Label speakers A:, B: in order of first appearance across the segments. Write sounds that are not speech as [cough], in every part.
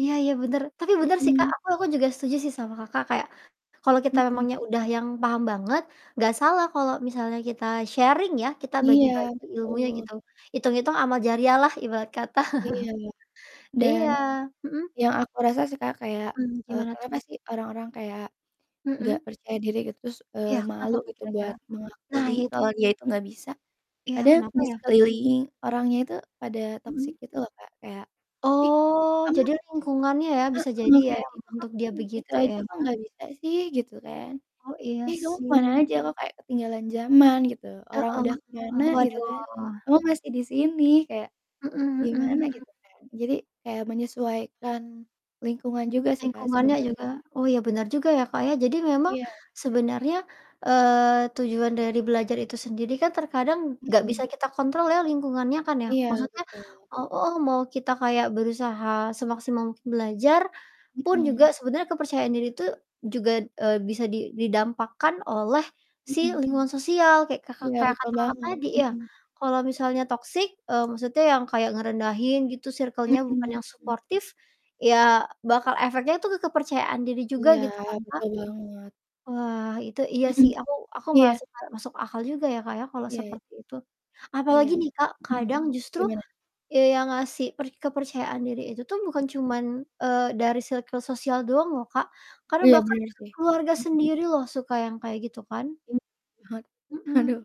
A: Iya iya, bener. Tapi bener sih, Kak,
B: Mhm.
A: aku aku juga setuju sih sama Kakak, kayak kalau kita
B: Mhm.
A: memangnya udah yang paham banget, nggak salah kalau misalnya kita sharing ya, kita
B: Iya,
A: bagi-bagi ilmunya
B: betul.
A: gitu, itung-itung amal jariah lah, ibarat kata.
B: Iya,
A: [chuckles]
B: dan
A: Iya, mhm.
B: yang aku rasa sih, Kak, kayak,
A: Mmm,
B: eee,
A: gimana tuh?
B: kenapa sih orang-orang kayak nggak
A: Mhm.
B: percaya diri gitu, terus, eee,
A: Iya, kenapa
B: malu
A: tuh
B: gitu,
A: kira-kira?
B: buat
A: Nah,
B: mengakui
A: iya, itu.
B: kalau dia itu nggak bisa,
A: Iya,
B: kadang
A: kenapa,
B: di
A: ya?
B: sekeliling orangnya itu pada
A: Mhm.
B: toxic, gitu loh, Kak, kayak, "Ih,
A: Oh,
B: kok kamu"
A: jadi lingkungannya ya, bisa jadi
B: Heeh,
A: ya,
B: kayak,
A: yang
B: "Ih, kok
A: membentuk
B: kamu
A: dia
B: gitu
A: begitu, ya.
B: aja kok nggak bisa sih?" Gitu kan.
A: Oh, iya,
B: "Ih, kamu ke mana
A: sih.
B: aja, kok kayak ketinggalan zaman," gitu,
A: Heeh,
B: "orang udah ke mana,"
A: mhm,
B: gitu kan,
A: waduh.
B: "kamu masih di sini." Kayak
A: Mhm
B: gimana,
A: mhm mhm.
B: gitu kan. Jadi kayak menyesuaikan lingkungan juga sih, Kak,
A: Lingkungannya
B: sebener
A: juga, oh, iya, benar juga ya, Kak, ya. Jadi memang
B: Iya.
A: sebenarnya, eee, tujuan dari belajar itu sendiri kan terkadang nggak
B: Mhm.
A: bisa kita kontrol ya, lingkungannya kan ya,
B: Iya,
A: maksudnya
B: betul.
A: eee, heeh, mau kita kayak berusaha semaksimal mungkin belajar, pun
B: Mhm.
A: juga sebenernya kepercayaan diri itu juga, eee, bisa, di didampakkan oleh si
B: Mhm.
A: lingkungan sosial, kayak Kaka
B: Iya,
A: kayak
B: betul
A: kata Kakak
B: banget,
A: tadi ya,
B: mhm.
A: kalau misalnya toxic eee, maksudnya yang kayak ngerendahin gitu,
B: Mhm
A: circle-nya bukan yang
B: mhm.
A: suportif, ya bakal efeknya tuh ke kepercayaan diri juga,
B: Iya,
A: gitu kan, Kak?
B: betul banget.
A: Wah, itu, iya sih,
B: [chuckles]
A: aku aku
B: Iya.
A: merasa kayak masuk akal juga ya, Kak, ya, kalau
B: Iya.
A: seperti itu. Apalagi
B: Iya,
A: nih, Kak,
B: mhm,
A: kadang justru,
B: gimana?
A: eee, yang ngasih per kepercayaan diri itu tuh
B: I
A: bukan cuman, eee, dari circle sosial doang loh, Kak, karena
B: Iya,
A: bahkan
B: bener sih,
A: keluarga
B: mhm.
A: sendiri loh suka yang kayak gitu, kan.
B: Hmm, ha
A: Mhm.
B: haduh,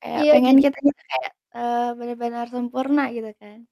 B: kayak
A: Iya,
B: pengen
A: jadi
B: kitanya tuh kayak, eee, bener-bener sempurna gitu kan.